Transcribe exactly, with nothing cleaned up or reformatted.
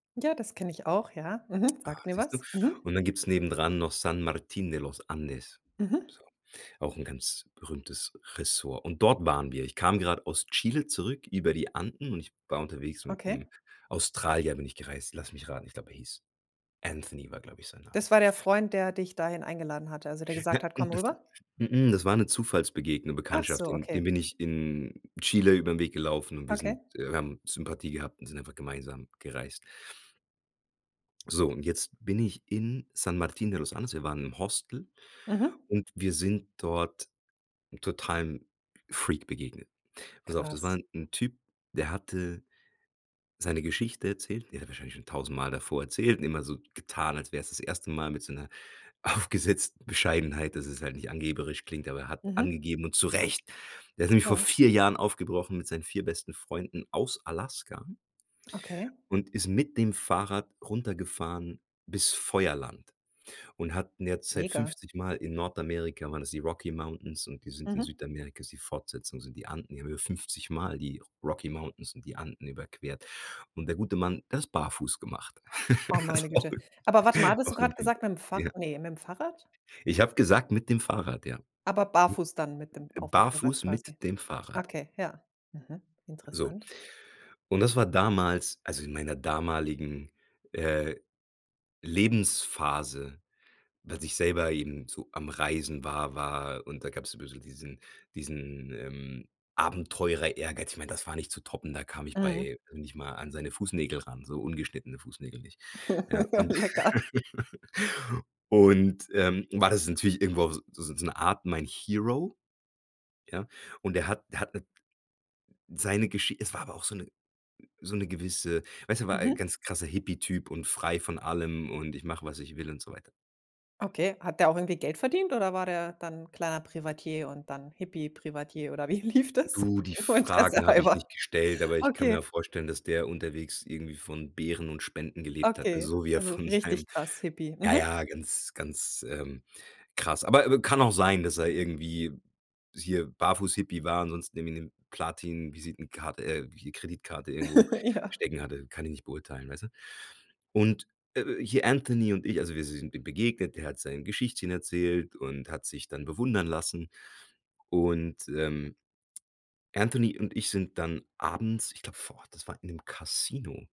Ja, das kenne ich auch, ja, mhm, Ah, sagt mir siehst du? was, mhm. Und dann gibt's nebendran noch San Martín de los Andes, Mhm. so, auch 'n ganz berühmtes Ressort. Und dort waren wir. Ich kam grad aus Chile zurück über die Anden und ich war unterwegs Okay. mit’m Australier bin ich gereist, lass mich raten, ich glaube, er hieß Anthony war, glaube ich, sein Name. Das war der Freund, der dich dahin eingeladen hatte, also, der Ja, gesagt hat: mhm, „Komm das rüber!“? mh-mh, das war 'ne Zufallsbegegnung Ach Bekanntschaft, so, in okay. dem bin ich in Chile über ’n Weg gelaufen und wir sind Okay. äh, wir haben Sympathie gehabt und sind einfach gemeinsam gereist. So, und jetzt bin ich in San Martín de los Andes. Wir waren im Hostel Mhm. und wir sind dort 'n totalem Freak begegnet. Pass auf, das war Krass. 'n 'n Typ, der hatte seine Geschichte erzählt. Die hat er wahrscheinlich schon tausendmal davor erzählt und immer so getan, als wäre es das erste Mal mit so 'ner aufgesetzen Bescheidenheit, dass es halt nicht angeberisch klingt, aber er hat Mhm. angegeben und zurecht. Der ist nämlich vor Ja. vier Jahren aufgebrochen mit seinen vier besten Freunden aus Alaska Okay. und ist mit dem Fahrrad runtergefahren bis Feuerland und hat in der Zeit Mega. fünfzigmal in Nordamerika waren es die Rocky Mountains und die sind in Mhm. Südamerika, ist die Fortsetzung sind die Anden in Höhe fünfzigmal die Rocky Mountains und die Anden überquert. Und der gute Mann, der hat das barfuß gemacht. Oh, meine Güte. Aber warte mal, Ist, hattest du auch gerade irgendwie gesagt: „Mit'm [unintelligible] Fahr", ja. ne, „Mit’m Fahrrad.“? Ich habe gesagt: „Mit dem Fahrrad.“, ja. Aber Mhm, barfuß dann mit dem äh, auf’m Fahrrad barfuß mit quasi. dem Fahrrad. Okay, ja, mhm, So, interessant. und das war damals also, in meiner damaligen, äh, Lebensphase, als ich selber eben so am Reisen war war und da gab's so bisschen diesen diesen, ähm, Abenteurer-Ehrgeiz. Ich meine, das war nicht zu toppen. Da kam ich Mhm. bei nicht mal an seine Fußnägel ran, so ungeschnittene Fußnägel nicht. Ja, Ja, und lecker. und, ähm, war das natürlich irgendwo auf so so so 'ne Art mein Hero, ja? Und er hat er hat 'ne seine Geschi es war aber auch so 'ne so 'ne gewisse weißt du, war ein Mhm. ganz krasser Hippie-Typ und frei von allem und „Ich mache, was ich will“ und so weiter. Okay, hat der auch irgendwie Geld verdient oder war der dann kleiner Privatier und dann Hippie-Privatier oder wie lief das? Du, die Nur Fragen habe ich interessehalber. nicht gestellt, aber ich kann mir Okay. vorstellen, dass der unterwegs irgendwie von Beeren und Spenden gelebt hat, äh, Okay, so wie er also, von richtig seinem krass Hippie, ja, mhm. ja, ganz, ganz, ähm, krass, aber, äh, w kann auch sein, dass er irgendwie hier Barfuß-Hippie war, ansonsten irgendwie 'ne Platin-Visitenkarte äh, j Kreditkarte irgendwo Ja. stecken hatte, kann ich nicht beurteilen, weißt du? Und, äh, hier Anthony und ich also, wir sind dem begegnet, der hat sein Geschichtchen erzählt und hat sich dann bewundern lassen. Und, ähm, Anthony und ich sind dann abends, ich glaube vor Ort, das war in 'nem Kasino